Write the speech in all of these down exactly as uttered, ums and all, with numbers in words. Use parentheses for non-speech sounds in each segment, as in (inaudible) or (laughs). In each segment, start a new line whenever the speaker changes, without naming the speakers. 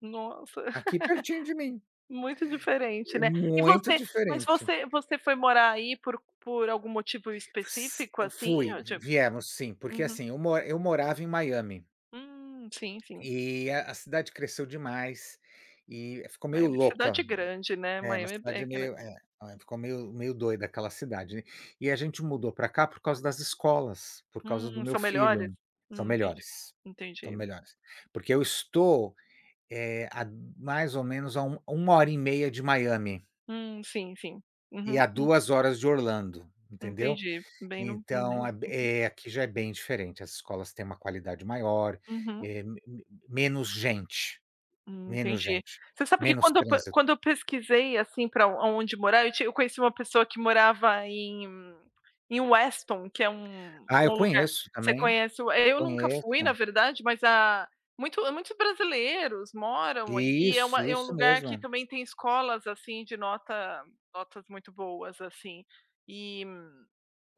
Nossa,
Aqui pertinho de mim.
(laughs) muito diferente,
É
né. E
muito
você mas
diferente.
você você foi morar aí por por algum motivo
S
específico, assim,
fui
ou
v
de
viemos sim, porque,
uhum.
assim, eu mo eu morava em Miami
Hum, sim, sim.
e a a cidade cresceu demais e ficou meio
Miami é cidade
louca
grande, né,
é uma
Miami é é
cidade meio é,
grande.
ficou meio meio doida aquela cidade. E a gente mudou pra cá por causa das escolas, por causa do
Hum,
meu
são melhores?
filho são
Hum, entendi,
melhores, são
entendi.
melhores. Porque eu estou, eh, há mais ou menos há um uma hora e meia de Miami
Hum, sim, sim.
e
Uhum.
a
Hum.
duas horas de Orlando, entendeu.
Entendi, bem no no
Então,
meio.
é b
Entendi.
é aqui já é bem diferente. As escolas têm uma qualidade maior,
Uhum.
eh, m m menos gente,
Hum,
menos
entendi.
gente,
Você sabe que
menos
quando eu pe
trânsi
quando eu pesquisei, assim, pra onde morar, eu ti eu conheci uma pessoa que morava em em Weston, que é um
Ah,
um
eu
lugar
conheço
você
também,
conhece o eh, eu nunca fui na
conheço.
verdade, mas a muito muitos brasileiros moram, e é uma
Isso,
é um
isso
lugar que
mesmo.
também tem escolas, assim, de nota notas muito boas, assim. E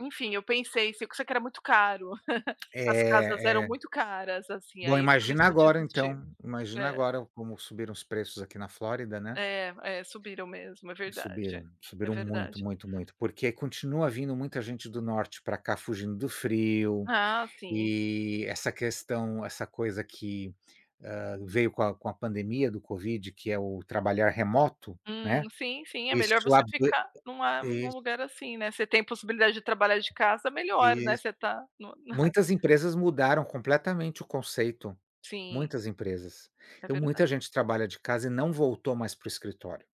enfim, eu pensei, só que era muito caro, (chuckles) as casas eram
É, é.
muito caras, assim,
Bom,
aí por isso
imagina
eu
agora
desisti.
então, imagina
É.
agora como subiram os preços aqui na Flórida, né.
É, é, subiram mesmo. É
Subiram,
verdade. É
subiram muito,
verdade.
muito, muito, porque continua vindo muita gente do norte pra cá fugindo do frio
Ah, sim.
e essa questão essa coisa que, hã, veio com a com a pandemia do Covid, que é o trabalhar remoto,
Hum,
né,
sim, sim, é
isso
melhor você
ab
ficar numa num
iss
lugar assim, né. Você tem a possibilidade de trabalhar de casa, melhor, né
Isso.
você tá no na
Muitas empresas mudaram completamente o conceito,
Sim.
muitas empresas.
É
Então muita
verdade.
gente trabalha de casa e não voltou mais para o escritório.